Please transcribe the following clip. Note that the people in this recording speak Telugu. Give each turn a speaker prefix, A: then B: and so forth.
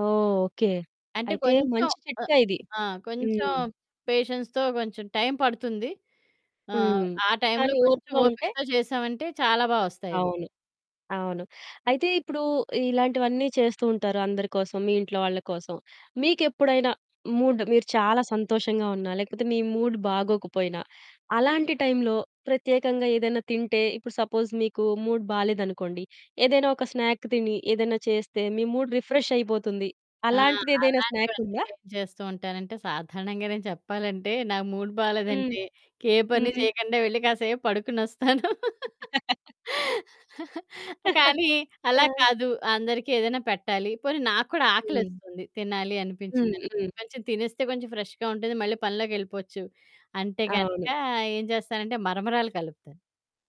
A: ఓహ్! ఓకే.
B: అంటే
A: అయితే
B: కొంచెం
A: మంచి
B: ఆహ్,
A: చిట్కా ఇది.
B: ఆ! కొంచెం
A: హ్మ్.
B: పేషెన్స్‌తో కొంచెం టైం పడుతుంది. ఆహ్,
A: హ్మ్.
B: ఆ టైంలో
A: కానీ
B: కొంచెం
A: ఓర్పుగా ఉంటే
B: ఓపికతో చేశామంటే చాలా బా ఒస్తాయివి.
A: అవును. అవును. అయితే ఇప్పుడు ఇలాంటివన్నీ చేస్తూ ఉంటారు అందరి కోసం మీ ఇంట్లో వాళ్ళ కోసం. మీకెప్పుడైనా మూడ్, మీరు చాలా సంతోషంగా ఉన్నా, లేకపోతే మీ మూడ్ బాగోకపోయినా, అలాంటి టైంలో ప్రత్యేకంగా ఏదైనా తింటే ఇప్పుడు సపోజ్ మీకు మూడ్ బాలేదనుకోండి ఏదైనా ఒక స్నాక్ తిని, ఏదైనా చేస్తే, మీ మూడ్ రిఫ్రెష్ అయిపోతుంది.
B: ఆ!
A: అలాంటిదేదైనా స్నాక్
B: అలాంటివన్నీ
A: ఉందా?
B: ఎందుకు చేస్తూ ఉంటానంటే సాధారణంగా నేను చెప్పాలంటే నా మూడ్
A: హ్మ్.
B: బాలేదంటే ఇంకే పని
A: హ్మ్.
B: చేయకుండా వెళ్లి కాసేపు పడుకొనొస్తాను. కానీ అలా
A: ఆ!
B: కాదు. అందరికి ఏదైనా పెట్టాలి. పోనీ నాకు కూడా
A: హ్మ్.
B: ఆకలేస్తుంది. తినాలి
A: హ్మ్.
B: అనిపించింది
A: హ్మ్.
B: అనుకోండి. కొంచెం తినేస్తే కొంచెం ఫ్రెష్‌గా ఉంటుంది. మళ్ళి పనిలోకెళ్ళిపోవచ్చు. అంటే గనుక
A: అవును.
B: ఏం చేస్తానంటే మరమరాలు కలుపుతాను.